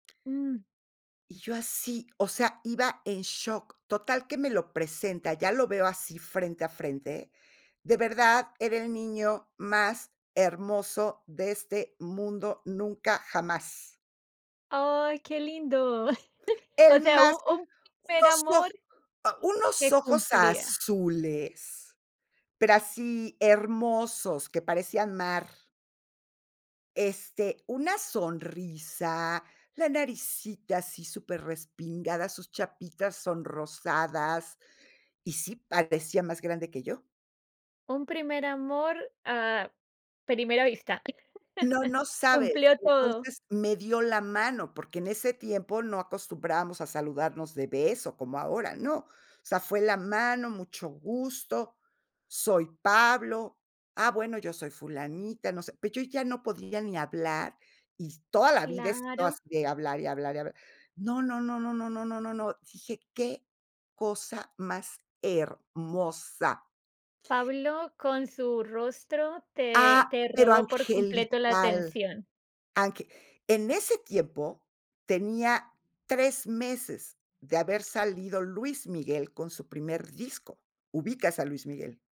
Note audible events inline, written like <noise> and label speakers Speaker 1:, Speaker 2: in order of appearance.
Speaker 1: Mm.
Speaker 2: Y yo así, o sea, iba en shock. Total que me lo presenta, ya lo veo así frente a frente. De verdad, era el niño más hermoso de este mundo, nunca jamás.
Speaker 1: ¡Ay, qué lindo! <chuckles> O
Speaker 2: El
Speaker 1: sea, u
Speaker 2: más
Speaker 1: u un primer
Speaker 2: ¡unos o!,
Speaker 1: amor
Speaker 2: ah, unos
Speaker 1: se
Speaker 2: ojos
Speaker 1: cumplía.
Speaker 2: azules, pero así, hermosos, que parecían mar. Este, una sonrisa, la naricita así, superrespingada, sus chapitas sonrosadas. Y sí, parecía más grande que yo.
Speaker 1: Un primer amor a primera vista.
Speaker 2: No,
Speaker 1: <chuckles>
Speaker 2: no sabes.
Speaker 1: Cumplió todo.
Speaker 2: Entonces, me dio la mano, porque en ese tiempo no acostumbrábamos a saludarnos de beso, como ahora. No, o sea, fue la mano: "Mucho gusto, soy Pablo". "Ah, bueno, yo soy Fulanita". No sé. Pero yo ya no podía ni hablar, y toda la vida he sido
Speaker 1: Claro.
Speaker 2: así de hablar, y hablar, y hablar. No, no, no, no, no, no, no, no, dije, qué cosa más hermosa.
Speaker 1: Pablo, con su rostro te
Speaker 2: Ah,
Speaker 1: te
Speaker 2: pero
Speaker 1: robó, por completo, la
Speaker 2: angelical,
Speaker 1: atención.
Speaker 2: ange en ese tiempo, tenía 3 meses de haber salido Luis Miguel con su primer disco, ¿ubicas a Luis Miguel?